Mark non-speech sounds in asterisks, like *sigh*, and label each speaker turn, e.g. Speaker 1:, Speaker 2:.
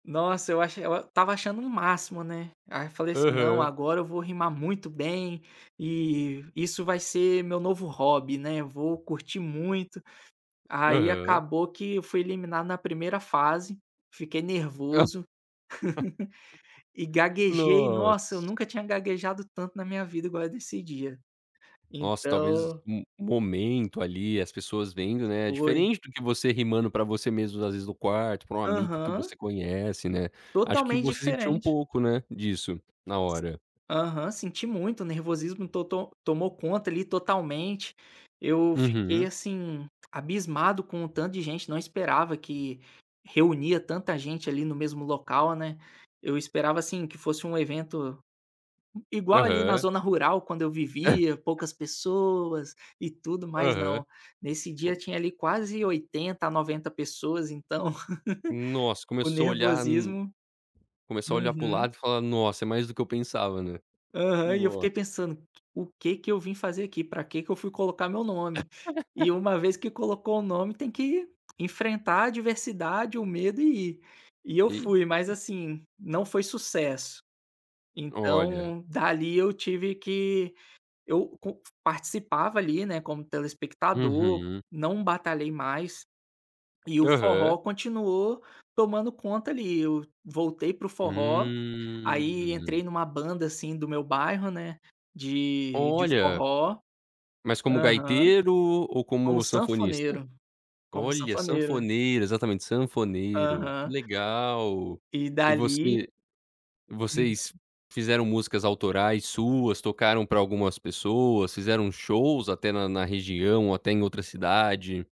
Speaker 1: Nossa, eu acho eu estava achando um máximo, né. Aí, falei assim: "Não,
Speaker 2: Aham.
Speaker 1: agora eu vou rimar muito bem, e isso vai ser meu novo hobby, né, eu vou curtir muito". Aí,
Speaker 2: Aham.
Speaker 1: acabou que eu fui eliminado na primeira fase, fiquei
Speaker 2: Ah.
Speaker 1: nervoso *laughs* e gaguejei.
Speaker 2: *laughs*
Speaker 1: Nossa, eu
Speaker 2: Nossa.
Speaker 1: nunca tinha gaguejado tanto na minha vida igual desse dia,
Speaker 2: Nossa, talvez
Speaker 1: então
Speaker 2: um um momento, ali, as pessoas vendo, né, é
Speaker 1: Foi.
Speaker 2: diferente do que você rimando para você mesmo, às vezes no quarto, para um amigo que
Speaker 1: Aham.
Speaker 2: você conhece, né. Acho que
Speaker 1: Totalmente
Speaker 2: você sentiu um
Speaker 1: diferente.
Speaker 2: pouco, né, disso na hora.
Speaker 1: Aham, senti muito o nervosismo, to to tomou conta, ali, totalmente. Eu fiquei,
Speaker 2: Uhum.
Speaker 1: assim, abismado com o tanto de gente. Não esperava que reunia tanta gente ali no mesmo local, né. Eu esperava, assim, que fosse um evento igual ali na
Speaker 2: Aham.
Speaker 1: zona rural quando eu vivia.
Speaker 2: *chuckles*
Speaker 1: Poucas pessoas e tudo mais,
Speaker 2: Aham.
Speaker 1: não, nesse dia,
Speaker 2: Como
Speaker 1: tinha ali quase 80, a 90 pessoas, então *laughs*
Speaker 2: Nossa,
Speaker 1: o
Speaker 2: começou a olhar um
Speaker 1: nervosismo
Speaker 2: começou a olhar para o
Speaker 1: Uhum.
Speaker 2: lado e falar: "Nossa, é mais do que eu pensava", né.
Speaker 1: Aham, e eu fiquei
Speaker 2: Nossa.
Speaker 1: pensando q o que que eu vim fazer aqui, para que que eu fui colocar meu nome? E
Speaker 2: *laughs*
Speaker 1: uma vez que colocou o nome tem que enfrentar a adversidade, o medo e ir. E eu
Speaker 2: E.
Speaker 1: fui, mas, assim, não foi sucesso,
Speaker 2: Olha.
Speaker 1: então dali eu tive que eu com participava ali, né, como telespectador,
Speaker 2: Uhum.
Speaker 1: não batalhei mais, e o
Speaker 2: Aham.
Speaker 1: forró continuou tomando conta ali. Eu voltei para o forró, aí entrei
Speaker 2: Hum.
Speaker 1: em uma banda, assim, do meu bairro, né, de de
Speaker 2: Olha.
Speaker 1: forró.
Speaker 2: Mas como
Speaker 1: Aham,
Speaker 2: gaiteiro ou
Speaker 1: como
Speaker 2: como sanfonista?
Speaker 1: sanfoneiro, como
Speaker 2: Olha,
Speaker 1: sanfoneiro.
Speaker 2: sanfoneiro. Exatamente, sanfoneiro. Que
Speaker 1: Aham.
Speaker 2: legal.
Speaker 1: E
Speaker 2: E
Speaker 1: dali
Speaker 2: você e vocês
Speaker 1: Uhum.
Speaker 2: fizeram músicas autorais suas, tocaram para algumas pessoas, fizeram shows até na na região ou até em outra cidade?